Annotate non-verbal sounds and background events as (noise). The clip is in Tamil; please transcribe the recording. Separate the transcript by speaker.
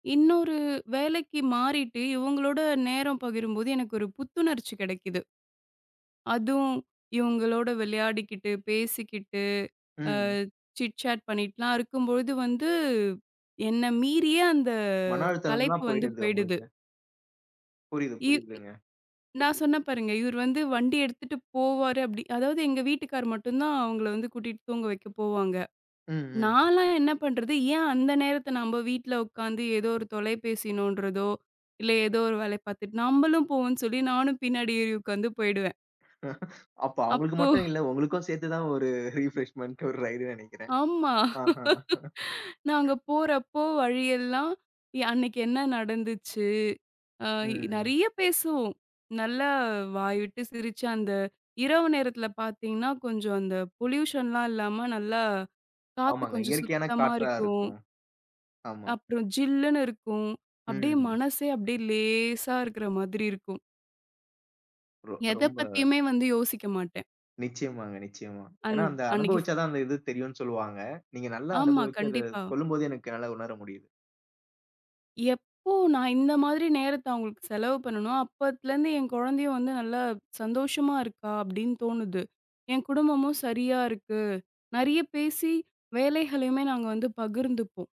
Speaker 1: இன்னொரு வேலைக்கு மாறிட்டு, இவங்களோட நேரம் பகிரும்போது எனக்கு ஒரு புத்துணர்ச்சி கிடைக்குது. அதும், இவங்களோட விளையாடிக்கிட்டு, பேசிக்கிட்டு, அ
Speaker 2: ம்.
Speaker 1: சிட் சாட் பண்ணிட்டுலாம் இருக்கும்போது வந்து, என்ன மீறியே அந்த
Speaker 2: மன
Speaker 1: கலைப்பு
Speaker 2: அழுத்தம்ல்லாம்
Speaker 1: வந்து
Speaker 2: போய்டுதா
Speaker 1: போயிடுது.
Speaker 2: உங்களுக்கு? புரியுது,
Speaker 1: இவ்
Speaker 2: புரியுதுங்க.
Speaker 1: நான் சொன்னேன் பாருங்க. இவர் வந்து வண்டி எடுத்துட்டு போவாரு அப்டி அதாவது எங்க வீட்டுக்கார் மட்டும் தான் அவங்கள வந்து கூட்டிட்டு தூங்க வைக்க போவாங்க.
Speaker 2: ம். ம்.
Speaker 1: நான்லாம் என்ன பண்றது? ஏன் அந்த நேரத்துல நம்ம வீட்ல உட்காந்து ஏதோ ஒரு தொலைபேசி நோண்றதோ, இல்ல ஏதோ ஒரு வேலை பாத்துட்டு, நம்பளும் போவோம்னு சொல்லி, நானும் பின்னாடி ஏறி உட்காந்து போயிடுவேன்.
Speaker 2: (chuckles) அப்போ அவங்களுக்கு
Speaker 1: அப்போ
Speaker 2: மட்டும் இல்ல. உங்களுக்கும் சேத்துதான் ஒரு ரிப்ரெஷ்மென்ட் ஒரு ரைட்ன்னு நினைக்கிறேன்.
Speaker 1: ஆமா.
Speaker 2: அ.
Speaker 1: (laughs) நாங்க போறப்போ வழி எல்லாம், யா அன்னைக்கு என்ன நடந்துச்சு? அ இ
Speaker 2: ம்.
Speaker 1: நிறையா பேசுவோம். நல்லா வாய்விட்டு சிரிச்சு, அந்த இரவு நேரத்துல பாத்தீங்கன்னா, கொஞ்சம் அந்த பொலியூஷன்லாம் இல்லாம நல்லா காத்து
Speaker 2: ஆமாங்க,
Speaker 1: கொஞ்சம்
Speaker 2: இயற்கையான
Speaker 1: சுத்தமா
Speaker 2: காற்றா
Speaker 1: இருக்கும்.
Speaker 2: இருக்கும். ஆமா.
Speaker 1: அப்பறம் ஜில்லுன்னு இருக்கும். அப்டியே
Speaker 2: ம்.
Speaker 1: மனசே அப்டியே லேசா இருக்கற மாதிரி இருக்கும்.
Speaker 2: ரொ
Speaker 1: எத
Speaker 2: ரொம்ப
Speaker 1: பத்தியுமே வந்து யோசிக்க மாட்டேன்.
Speaker 2: நிச்சயமாங்க. நிச்சயமா. ஏனா,
Speaker 1: அண்ட்
Speaker 2: அந்த
Speaker 1: அன்னிக்கு ஃப்
Speaker 2: அனுபவிச்சா தான் அந்த இது தெரியும்னு சொல்வாங்க. நீங்க நல்லா
Speaker 1: ஆமா,
Speaker 2: அனுபவிச்சி அத
Speaker 1: கண்டிப்பா.
Speaker 2: சொல்லும் போதே எனக்கு என்னால உணர முடியுது.
Speaker 1: எப்போ நான் இந்த மாதிரி நேரத்த அவங்களுக்கு செலவு பண்ணனோ, அப்பத்துலருந்து என் குழந்தையும் வந்து நல்லா சந்தோஷமா இருக்கா அப்டின்னு தோணுது. என் குடும்பமும் சரியா இருக்கு. நிறைய பேசி வேலைகளையுமே நாங்க வந்து பகிர்ந்துப்போம்.